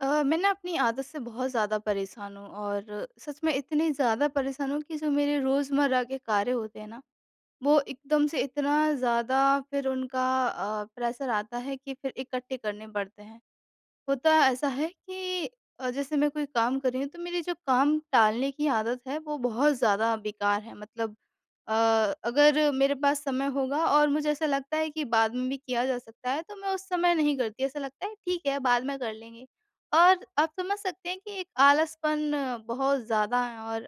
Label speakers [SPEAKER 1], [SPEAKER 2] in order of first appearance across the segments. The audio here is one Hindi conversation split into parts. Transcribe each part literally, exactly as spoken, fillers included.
[SPEAKER 1] अ, मैं ना अपनी आदत से बहुत ज़्यादा परेशान हूँ, और सच में इतनी ज़्यादा परेशान हूँ कि जो मेरे रोज़मर्रा के कार्य होते हैं ना, वो एकदम से इतना ज़्यादा फिर उनका अ, प्रेशर आता है कि फिर इकट्ठे करने पड़ते हैं। होता ऐसा है कि अ, जैसे मैं कोई काम कर रही हूँ, तो मेरी जो काम टालने की आदत है, वो बहुत ज़्यादा बेकार है। मतलब अ, अगर मेरे पास समय होगा और मुझे ऐसा लगता है कि बाद में भी किया जा सकता है, तो मैं उस समय नहीं करती। ऐसा लगता है ठीक है, बाद में कर लेंगे। और आप समझ सकते हैं कि एक आलसपन बहुत ज़्यादा है, और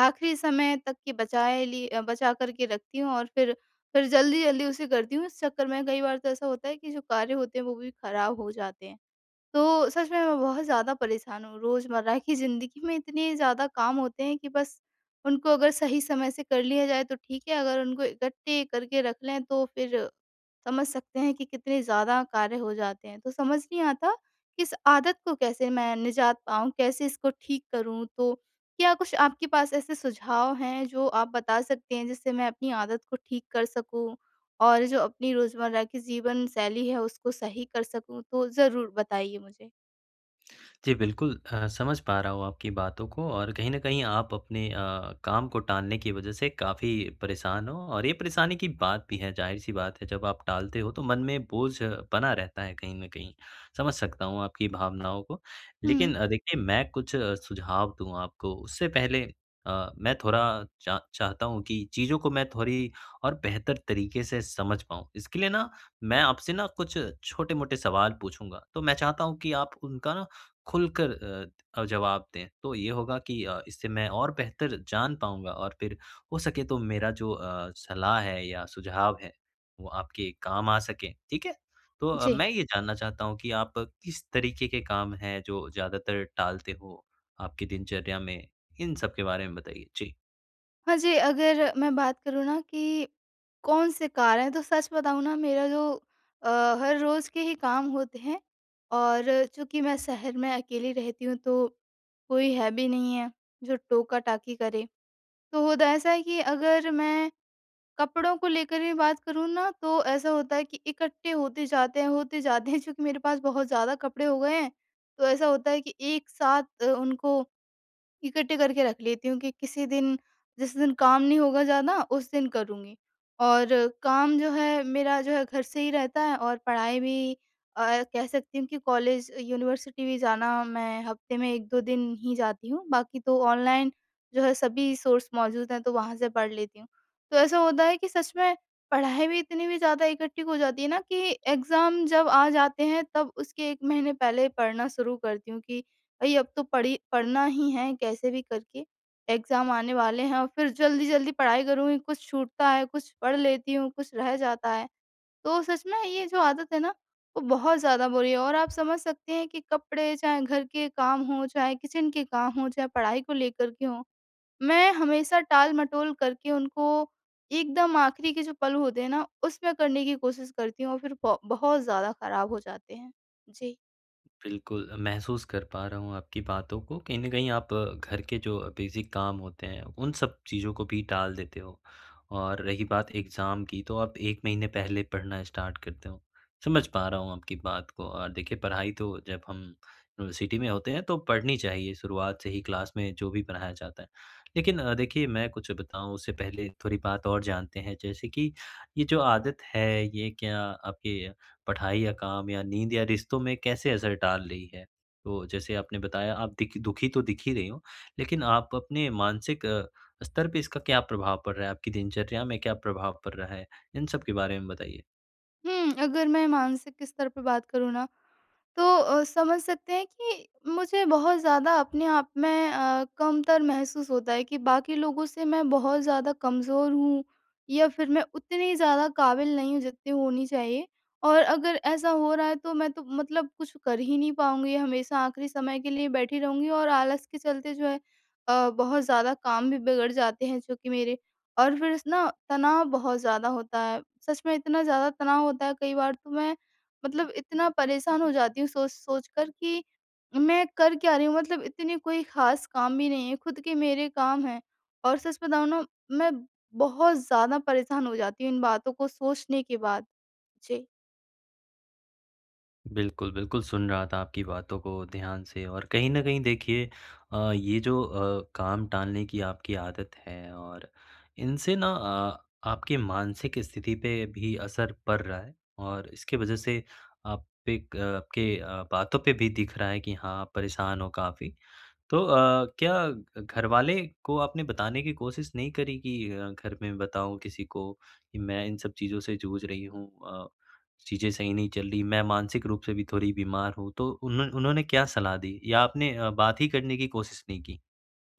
[SPEAKER 1] आख़िरी समय तक की बचाए ली अ, बचा कर के रखती हूँ और फिर फिर जल्दी-जल्दी उसे करती हूँ। इस चक्कर में कई बार तो ऐसा होता है कि जो कार्य होते हैं, वो भी ख़राब हो जाते हैं। तो सच में मैं बहुत ज़्यादा परेशान हूँ। रोज़मर्रा की ज़िंदगी में इतने ज़्यादा काम होते हैं कि बस उनको अगर सही समय से कर लिया जाए तो ठीक है, अगर उनको इकट्ठे करके रख लें, तो फिर समझ सकते हैं कि कितने ज़्यादा कार्य हो जाते हैं। तो समझ नहीं आता, इस आदत को कैसे मैं निजात पाऊँ, कैसे इसको ठीक करूँ। तो क्या कुछ आपके पास ऐसे सुझाव हैं जो आप बता सकते हैं, जिससे मैं अपनी आदत को ठीक कर सकूँ, और जो अपनी रोज़मर्रा की जीवनशैली है उसको सही कर सकूँ? तो ज़रूर बताइए मुझे।
[SPEAKER 2] जी, बिल्कुल अ, समझ पा रहा हूँ आपकी बातों को और कहीं न कहीं आप अपने अ, काम को टालने की वज़ह से काफ़ी परेशान हो और ये परेशानी की बात भी है, ज़ाहिर-सी बात है, जब आप टालते हो तो मन में बोझ बना रहता है कहीं न कहीं, समझ सकता हूँ आपकी भावनाओं को। लेकिन
[SPEAKER 1] हुँ।
[SPEAKER 2] देखिए मैं कुछ सुझाव दूँ आपको, उससे पहले अ, मैं थोड़ा चा चाहता हूँ कि चीज़ों को मैं थोड़ी और बेहतर तरीक़े से समझ पाऊँ। इसके लिए ना मैं आपसे ना कुछ छोटे-मोटे सवाल पूछूँगा, तो मैं चाहता हूँ कि आप उनका ना खुलकर अ अ, जवाब दें, तो ये होगा कि अ, इससे मैं और बेहतर जान पाऊँगा और फिर हो सके तो मेरा जो अ, सलाह है या सुझाव है वो आपके काम आ सके, ठीक है? तो
[SPEAKER 1] जी।
[SPEAKER 2] मैं ये जानना चाहता हूँ कि आप किस तरीक़े के काम हैं जो ज़्यादातर टालते हो, आपकी दिनचर्या में? इन सब के बारे में बताइए, जी।
[SPEAKER 1] हाँ जी, अगर मैं बात करूँ ना कि कौन-से कार्य है, तो सच बताऊँ ना मेरा जो अ, हर रोज़ के ही काम होते हैं और चूँकि मैं शहर में अकेली रहती हूँ तो कोई है भी नहीं है, जो टोका-टाकी करें। तो द ऐसा है कि अगर मैं कपड़ों को लेकर ही बात करूँ ना तो ऐसा होता है कि इकट्ठे होते जाते हैं होते जाते हैं, चूँकि मेरे पास बहुत ज़्यादा कपड़े हो गए हैं, तो ऐसा होता है कि एक साथ अ, उनको इकट्ठे करके रख लेती हूँ कि किसी दिन जिस दिन काम नहीं होगा ज़्यादा, उस दिन करूँगी। और काम जो है मेरा जो है, घर से ही रहता है और पढ़ाई भी अ, कह सकती हूँ कि कॉलेज, यूनिवर्सिटी भी जाना, मैं हफ्ते में एक दो दिन ही जाती हूँ बाक़ी तो ऑनलाइन जो है सभी सोर्स मौजूद हैं तो वहाँ से पढ़ लेती हूँ। तो ऐसा होता है कि सच में पढ़ाई भी इतनी भी ज़्यादा इकट्ठी हो जाती है ना कि एग्ज़ाम जब आ जाते हैं तब उसके एक महीने पहले पढ़ना शुरू करती हूँ कि भई अब तो पढ़ी पढ़ना ही है कैसे भी करके एग्ज़ाम आने वाले हैं और फिर जल्दी-जल्दी पढ़ाई करूँगी, कुछ छूटता है, कुछ पढ़ लेती हूँ, कुछ रह जाता है। तो सच में ये जो आदत है ना वो बहुत ज़्यादा बुरी है और आप समझ सकते हैं कि कपड़े, चाहे घर के काम हो, चाहे किचन के काम हो, चाहे पढ़ाई को लेकर के हो, मैं हमेशा टाल-मटोल करके उनको एकदम आख़िरी के जो पल होते हैं ना उसमें करने की कोशिश करती हूँ और फिर ब बहुत ज़्यादा ख़राब हो जाते हैं। जी।
[SPEAKER 2] बिल्कुल, महसूस कर पा रहा हूँ आपकी बातों को कहीं न कहीं आप घर के जो बेसिक काम होते हैं। उन सब चीज़ों को भी टाल देते हो और रही बात एग्ज़ाम की तो आप एक महीने पहले पढ़ना स्टार्ट करते हो। समझ पा रहा हूँ आपकी बात को अ, देखिये पढ़ाई तो जब हम यूनिवर्सिटी में होते हैं तो पढ़नी चाहिए, शुरुआत से ही क्लास में जो भी पढ़ाया जाता है। लेकिन देखिये मैं कुछ बताऊँ उससे पहले थोड़ी बात और जानते हैं। जैसे कि ये जो आदत है ये क्या आपके पढ़ाई या काम या नींद या रिश्तों में कैसे असर डाल रही है? तो जैसे आपने बताया आप देखि दुःखी तो दिख ही रही हो। लेकिन आप अपने मानसिक स्तर पे इसका क्या प्रभाव पड़ रहा है? आपकी दिनचर्या में क्या प्रभाव पड़ रहा है? इन सब के बारे में बताइए।
[SPEAKER 1] हुँ, अगर मैं मानसिक स्तर पर बात करूँ न तो अ, समझ सकते हैं कि मुझे बहुत ज़्यादा अपने आप में अ, कमतर महसूस होता है कि बाकी लोगों से मैं बहुत ज़्यादा कमज़ोर हूँ या फिर मैं उतनी ज़्यादा काबिल नहीं हूँ, जितनी होनी चाहिए और अगर ऐसा हो रहा है तो मैं तो मतलब कुछ कर ही नहीं पाऊँगी। हमेशा आख़िरी समय के लिए बैठी रहूँगी और आलस्य के चलते जो है अ, बहुत ज़्यादा काम भी बिगड़ जाते हैं जो कि मेरे और फिर स ना तनाव बहुत ज़्यादा होता है। सच में इतना ज़्यादा तनाव होता है कई बार तो मैं मतलब इतना परेशान हो जाती हूँ, सोच-सोच कर कि मैं कर क्या रही हूँ? मतलब इतनी कोई ख़ास काम भी नहीं है। ख़ुद के मेरे काम हैं और सच बताऊँ न मैं बहुत ज़्यादा परेशान हो जाती हूँ इन बातों को सोचने के बाद। जी।
[SPEAKER 2] बिल्कुल, बिल्कुल, सुन रहा था आपकी बातों को ध्यान से। और कहीं न कहीं देखिए अ, ये जो अ, काम टालने की आपकी आदत है और इनसे ना अ, आपके मानसिक स्थिति पे भी असर पड़ रहा है, और इसके वज़ह से आप एक अ, आपके अ, बातों पे भी दिख रहा है कि हाँ, आप परेशान हो काफ़ी। तो अ, क्या घ घर वाले को आपने बताने की कोशिश नहीं करी कि अ, घर में बताऊँ किसी को कि मैं इन सब चीज़ों से जूझ रही हूँ अ, चीज़ें सही नहीं चल रही, मैं मानसिक रूप से भी थोड़ी बीमार हूँ? तो उन्ह उन्होंने क्या सलाह दी, या आपने अ, बात ही करने की कोशिश नहीं की?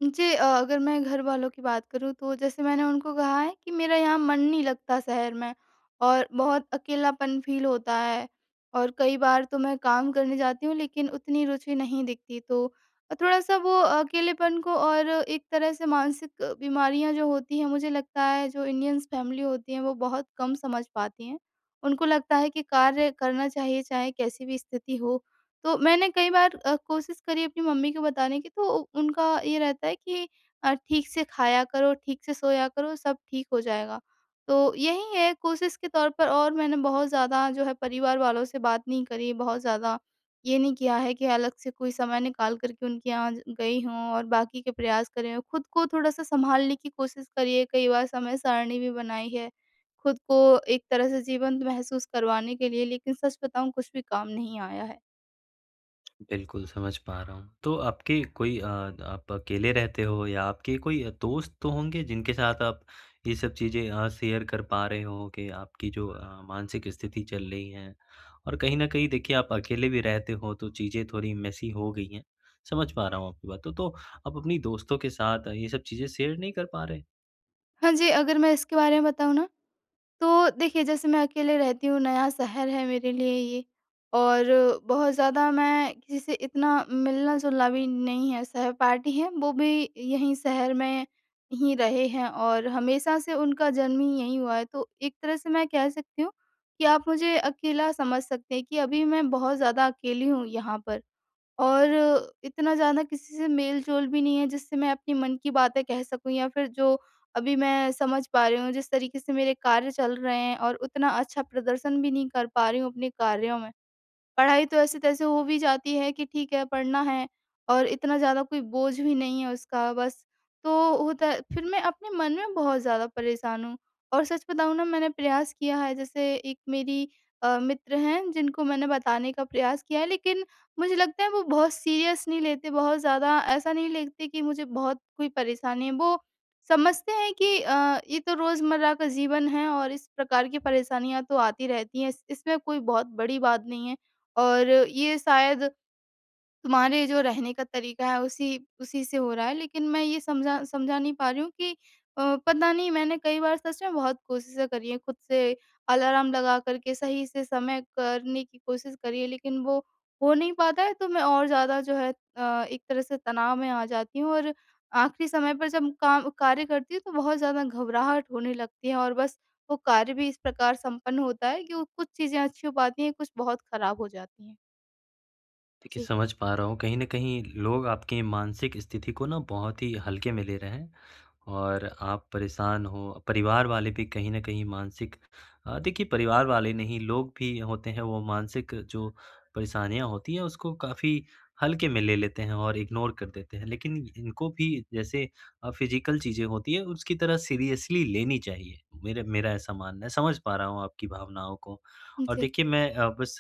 [SPEAKER 1] जी अ, अगर मैं घर वालों की बात करूँ, तो जैसे मैंने उनको कहा है कि, "मेरा यहाँ मन नहीं लगता शहर में और बहुत अकेलापन फ़ील होता है, और कई बार तो मैं काम करने जाती हूँ, लेकिन उतनी रुचि नहीं दिखती।" तो अ, थोड़ा-सा वो अकेलेपन को और एक तरह से मानसिक बीमारियाँ जो होती हैं, मुझे लगता है जो इंडियन्स फैमिली होती हैं, वो बहुत कम समझ पाती हैं। उनको लगता है कि कार्य करना चाहिए चाहे कैसी भी स्थिति हो। तो मैंने कई बार अ, कोशिश करी अपनी मम्मी को बताने की, तो उनका ये रहता है कि अ, "ठीक से खाया करो, ठीक से सोया करो, सब ठीक हो जाएगा।" तो यही है, कोशिश के तौर पर और मैंने बहुत ज़्यादा जो है परिवार वालों से बात नहीं करी, बहुत ज़्यादा ये नहीं किया है कि अलग से कोई समय निकाल कर के उनके यहाँ ज गई हूँ, और बाकी के प्रयास करे हों। खुद को थोड़ा-सा संभालने की कोशिश करी है, कई बार समय-सारणी भी बनाई है खुद को एक तरह से जीवंत महसूस करवाने के लिए, लेकिन सच बताऊँ, कुछ भी काम नहीं आया है।
[SPEAKER 2] बिल्कुल, समझ पा रहा हूँ। तो आपके कोई अ, द आप अकेले रहते हो, या आपके कोई अ, दोस्त तो होंगे जिनके साथ आप ये सब चीज़ें अ, शेयर कर पा रहे हों कि आपकी जो अ, मानसिक स्थिति चल रही है? और कहीं न कहीं देखिए, आप अकेले भी रहते हों, तो चीज़ें थोड़ी मेसी हो गई हैं। समझ पा रहा हूँ आपकी बातों, तो आप अपनी दोस्तों के साथ अ, ये सब चीज़ें शेयर नहीं कर पा रहें?
[SPEAKER 1] हाँ जी। अगर मैं इसके बारे में बताऊँ ना, तो देखिए जैसे मैं अकेले रहती हूँ, नया शहर है मेरे लिए ये, और बहुत ज़्यादा मैं किसी से इतना मिलना-जुलना भी नहीं है। सहपाठी हैं, वो भी यहीं शहर में ही रहे हैं और हमेशा से, उनका जन्म ही यहीं हुआ है। तो एक तरह से मैं कह सकती हूँ कि आप मुझे अकेला समझ सकते हैं कि अभी मैं बहुत ज़्यादा अकेली हूँ यहाँ पर। और इतना ज़्यादा किसी से मेल-जोल भी नहीं है जिससे मैं अपनी मन की बातें कह सकूँ, या फिर जो अभी मैं समझ पा रही हूँ, जिस तरीक़े से मेरे कार्य चल रहे हैं, और उतना अच्छा प्रदर्शन भी नहीं कर पा रही हूँ अपने कार्यों में। पढ़ाई तो ऐसे-तैसे हो भी जाती है कि ठीक है, पढ़ना है, और इतना ज़्यादा कोई बोझ भी नहीं है उसका। बस, तो होता है फिर मैं अपने मन में बहुत ज़्यादा परेशान हूँ। और सच बताऊँ ना, मैंने प्रयास किया है, जैसे एक मेरी अ, मित्र हैं जिनको मैंने बताने का प्रयास किया है। लेकिन मुझे लगता है, वो बहुत सीरियस नहीं लेते बहुत ज़्यादा, ऐसा नहीं लेगते कि मुझे बहुत कोई परेशानी है। वो समझते हैं कि अ, "ये तो रोज़मर्रा का जीवन है और इस प्रकार की परेशानियाँ तो आती रहती हैं, इस इसमें कोई बहुत बड़ी बात नहीं है। और ये शायद तुम्हारे जो रहने का तरीक़ा है, उसी उसी से हो रहा है।" लेकिन मैं ये समझा समझा नहीं पा रही हूँ कि अ, पता नहीं मैंने कई बार सच में बहुत कोशिशें करी हैं ख़ुद से, अलार्म लगा कर के सही से समय करने की कोशिश करी है। लेकिन वो हो नहीं पाता है, तो मैं और ज़्यादा जो है अ, एक तरह से तनाव में आ जाती हूँ। और आख़िरी समय पर जब काम कार्य करती हूँ तो बहुत ज़्यादा घबराहट होने लगती है, और बस वो कार्य भी इस प्रकार संपन्न होता है कि वो कुछ चीज़ें अच्छी हो पाती हैं, कुछ बहुत ख़राब हो जाती हैं।
[SPEAKER 2] देखिए
[SPEAKER 1] जी।
[SPEAKER 2] समझ पा रहा हूँ, कहीं न कहीं लोग आपके मानसिक स्थिति को ना बहुत ही हल्के में ले रहे हैं। और आप परेशान हो, परिवार वाले भी कहीं न कहीं मानसिक अ, देखिए परिवार वाले नहीं लोग भी होते हैं वो मानसिक जो परेशानियाँ होती हैं उसको काफ़ी हल्के में ले लेते हैं और इग्नोर कर देते हैं लेकिन इनको भी जैसे अ, फिज़िकल चीज़ें होती हैं उसकी तरह सीरियसली लेनी चाहिए, मेरा मेरा ऐसा मानना है, समझ पा रहा हूँ आपकी भावनाओं को।
[SPEAKER 1] उ,
[SPEAKER 2] और
[SPEAKER 1] जी।
[SPEAKER 2] देखिए अ, मैं बस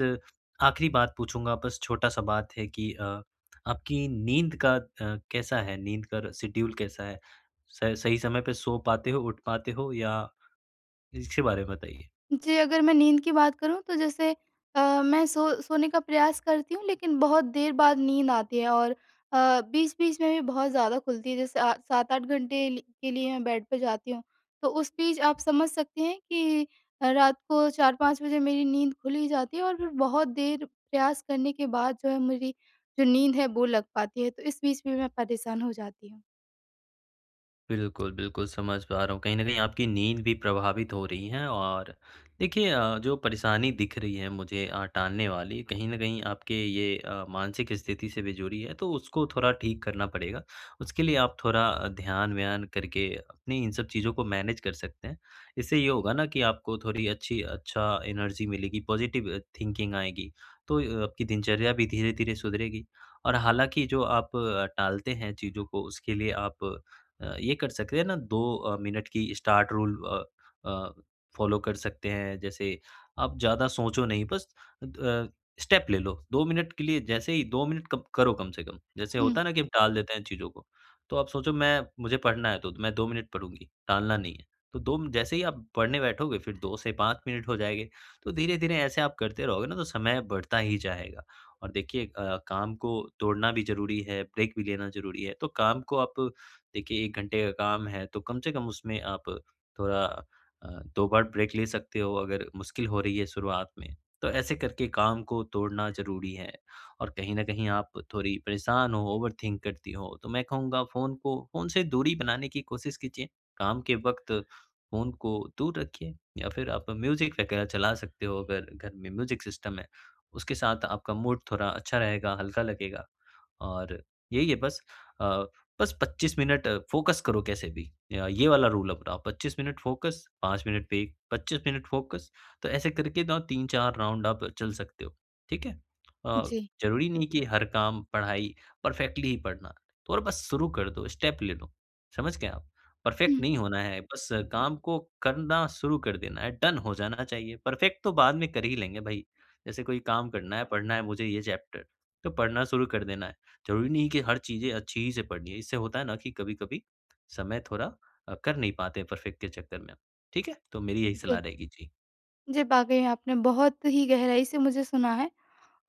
[SPEAKER 2] आखिरी बात पूछूँगा बस छोटा-सा बात है कि अ, आपकी नींद का अ, कैसा है? नींद का शेड्यूल कैसा है? स सही समय पर सो पाते हो उठ पाते हो या इसके बारे में बताइए?
[SPEAKER 1] जी, अगर मैं नींद की बात करूँ तो जैसे अ, मैं सो सोने का प्रयास करती हूँ, लेकिन बहुत देर बाद नींद आती है। और अ, बीच-बीच में भी बहुत ज़्यादा खुलती है जैसे अ, सात आठ घंटे ल के लिए मैं बेड पे जाती हूँ, तो उस बीच आप समझ सकते हैं कि रात को चार पाँच बजे मेरी नींद खुल ही जाती है और फिर बहुत देर प्रयास करने के बाद जो है मेरी जो नींद है वो लग पाती है, तो इस बीच भी मैं परेशान हो जाती हूँ।
[SPEAKER 2] बिल्कुल, बिल्कुल, समझ पा रहा हूँ कहीं न कहीं आपकी नींद भी प्रभावित हो रही है और देखिए अ, जो परेशानी दिख रही है मुझे अ, टालने वाली कहीं न कहीं आपके ये अ, मानसिक स्थिति से भी जुड़ी है तो उसको थोड़ा ठीक करना पड़ेगा, उसके लिए आप थोड़ा ध्यान-व्यान करके अपनी इन सब चीज़ को मैनेज कर सकते हैं, इससे ये होगा ना कि आपको थोड़ी अच्छी अच्छा एनर्जी मिलेगी पॉजिटिव थिंकिंग आएगी, तो य आपकी दिनचर्या भी धीरे-धीरे सुधरेगी। और हालाँकि जो आप टालते हैं चीज़ों को उसके लिए आप अ, ये कर सकते हैं ना दो अ, मिनट की स्टार्ट रूल अ अ, फ़ॉलो कर सकते हैं, जैसे आप ज़्यादा सोचो नहीं बस अ, स्टेप ले लो, दो मिनट के लिए जैसे ही दो मिनट कब करो कम से कम, जैसे
[SPEAKER 1] हुँ।
[SPEAKER 2] होता है ना कि हम टाल देते हैं चीज़ों को, तो आप सोचो मैं मुझे पढ़ना है तो मैं दो मिनट पढ़ूँगी, टालना नहीं है। तो दो म जैसे ही आप पढ़ने बैठोगे फिर दो से पाँच मिनट हो जाएँगे, तो धीरे-धीरे ऐसे आप करते रहोगे न तो समय बढ़ता ही जाएगा। और देखिए अ, काम को तोड़ना भी ज़रूरी है, ब्रेक भी लेना ज़रूरी है, तो काम को आप देखिए एक घंटे का काम है, तो कम से कम उसमें आप थोड़ा अ, दो बार ब्रेक ले सकते हो अगर मुश्किल हो रही है शुरुआत में, तो ऐसे करके काम को तोड़ना ज़रूरी है, और कहीं न कहीं आप थोड़ी परेशान हो, ओवरथिंक करती हो, तो मैं कहूँगा फ़ोन को फ़ोन से दूरी बनाने की कोशिश कीजिए, काम के वक़्त फ़ोन को दूर रखिए, या फिर आप म्यूजिक वग़ैरह चला सकते हो अगर घर में म्यूजिक सिस्टम है, उसके साथ आपका मूड थोड़ा अच्छा रहेगा, हल्का लगेगा। और यही है बस अ, बस पच्चीस मिनट फोकस करो कैसे भी अ, ये वाला रूल अपनाओ, पच्चीस मिनट फोकस, 5 मिनट ब्रेक पच्चीस मिनट फोकस, तो ऐसे करके ना तीन चार राउंड आप चल सकते हो, ठीक है? अ,
[SPEAKER 1] जी।
[SPEAKER 2] ज़रूरी नहीं कि हर काम पढ़ाई परफ़ेक्टली ही पढ़ना और बस शुरू कर दो, स्टेप ले लो, समझ गए आप? परफ़ेक्ट
[SPEAKER 1] हुँ।
[SPEAKER 2] नहीं होना है बस काम को करना शुरू कर देना है, डन हो जाना चाहिए, परफ़ेक्ट तो बाद में कर ही लेंगे भई, जैसे कोई काम करना है, पढ़ना है मुझे ये चैप्टर, तो पढ़ना शुरू कर देना है। ज़रूरी नहीं है कि हर चीज़ें अच्छी ही से पढ़नी है, इससे होता है ना कि कभी-कभी समय थोड़ा अ, कर नहीं पाते परफ़ेक्ट के चक्कर में, ठीक है? तो मेरी यही सलाह
[SPEAKER 1] जी।
[SPEAKER 2] रहेगी जी।
[SPEAKER 1] जी, वाक़ई आपने बहुत ही गहराई से मुझे सुना है,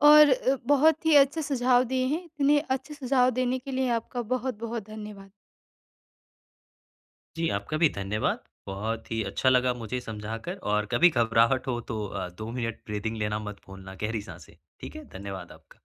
[SPEAKER 1] और अ, बहुत ही अच्छे सुझाव दिए हैं, इतने अच्छे सुझाव देने के लिए आपका बहुत-बहुत धन्यवाद।
[SPEAKER 2] जी आपका भी धन्यवाद। बहुत ही अच्छा लगा मुझे समझाकर और कभी घबराहट हो तो अ, दो मिनट ब्रीदिंग लेना मत भूलना गहरी साँसें, ठीक है? धन्यवाद आपका।